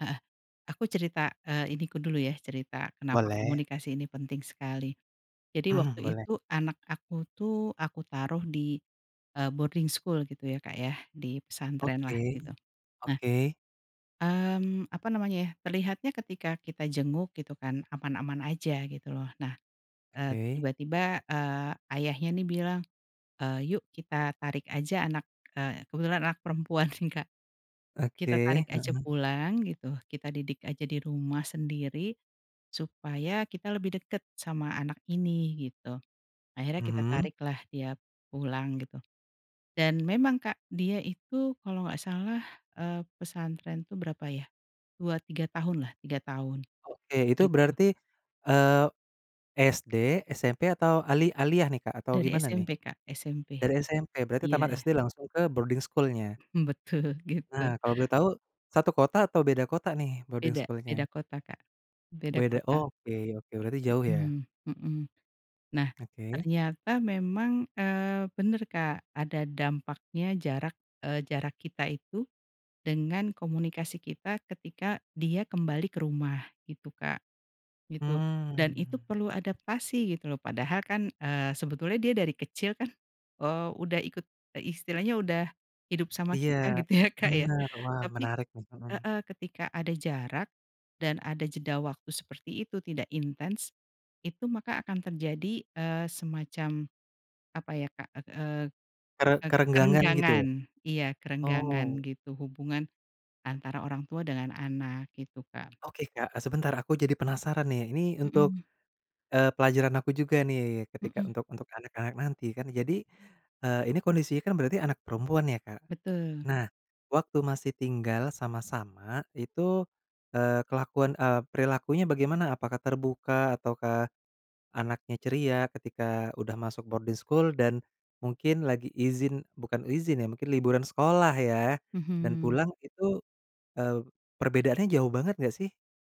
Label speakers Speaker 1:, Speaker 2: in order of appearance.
Speaker 1: Heeh. Aku cerita, eee, ini ku dulu ya, cerita kenapa
Speaker 2: Boleh.
Speaker 1: komunikasi ini penting sekali. Jadi waktu
Speaker 2: Mhm. Boleh.
Speaker 1: itu, anak aku tuh, aku taruh di, e boarding school gitu ya Kak ya. Di pesantren lah
Speaker 2: Oke.
Speaker 1: gitu. Nah
Speaker 2: Oke.
Speaker 1: Mhm, apa namanya ya, terlihatnya ketika kita jenguk gitu kan, aman-aman aja, gitu loh. Nah, e
Speaker 2: Oke.
Speaker 1: tiba-tiba, eee, ayahnya nih bilang, "eee, yuk kita tarik aja anak" e kebetulan anak perempuan sih Kak. "Kita
Speaker 2: Oke.
Speaker 1: tarik aja
Speaker 2: Heeh.
Speaker 1: pulang" gitu, "kita didik aja di rumah sendiri, supaya kita lebih deket sama anak ini" gitu. Akhirnya kita
Speaker 2: Mhm.
Speaker 1: tarik lah dia pulang gitu. Dan memang Kak, dia itu kalau enggak salah, eee, pesantren itu berapa ya, 2-3 tahun lah, 3 tahun,
Speaker 2: Oke. Itu
Speaker 1: gitu.
Speaker 2: berarti, eee, SD, SMP atau ali aliyah nih Kak, atau
Speaker 1: Dari
Speaker 2: gimana nih?
Speaker 1: SMP Kak. SMP.
Speaker 2: Dari SMP, berarti tamat
Speaker 1: Iya.
Speaker 2: SD langsung ke boarding school-nya?
Speaker 1: Betul, gitu.
Speaker 2: Nah, kalau boleh tahu satu kota atau beda kota nih boarding
Speaker 1: Beda. Beda
Speaker 2: school-nya?
Speaker 1: kota Kak. Beda
Speaker 2: Beda.
Speaker 1: kota.
Speaker 2: Oke oke. Berarti jauh ya?
Speaker 1: Hmm hmm. Nah,
Speaker 2: Oke.
Speaker 1: ternyata memang, eee, benar Kak, ada dampaknya jarak, eee, jarak kita itu dengan komunikasi kita ketika dia kembali ke rumah, gitu Kak. Gitu. Dan itu
Speaker 2: Mhm.
Speaker 1: perlu adaptasi, gitu loh. Padahal kan, eee, sebetulnya dia dari kecil kan, eee, udah ikut, e istilahnya udah hidup sama
Speaker 2: Iya,
Speaker 1: kita, gitu ya Kak ya.
Speaker 2: benar. Wah,
Speaker 1: Tapi
Speaker 2: menarik ini. Hmm.
Speaker 1: heeh, ketika ada jarak, dan ada jeda waktu seperti itu, tidak intens, itu maka akan terjadi, eee, semacam, apa ya Kak, e eee,
Speaker 2: Kere
Speaker 1: e
Speaker 2: kerenggangan gitu?
Speaker 1: kerenggangan. Iya, kerenggangan
Speaker 2: Oh.
Speaker 1: gitu, hubungan antara orang tua dengan anak, gitu Kak.
Speaker 2: Oke Kak, sebentar, aku jadi penasaran nih. Ini untuk,
Speaker 1: Hmm.
Speaker 2: eee, pelajaran aku juga nih, ketika
Speaker 1: Hmm.
Speaker 2: untuk untuk anak-anak nanti kan, jadi, e ini kondisinya kan berarti anak perempuan ya Kak?
Speaker 1: Betul.
Speaker 2: Nah, waktu masih tinggal sama-sama, itu, eee, kelakuan, eee, perilakunya bagaimana? Apakah terbuka ataukah, anaknya ceria, ketika udah masuk boarding school dan, mungkin lagi izin, bukan izin ya, mungkin liburan sekolah ya, dan
Speaker 1: Mhm.
Speaker 2: pulang itu, e perbedaannya jauh banget enggak sih?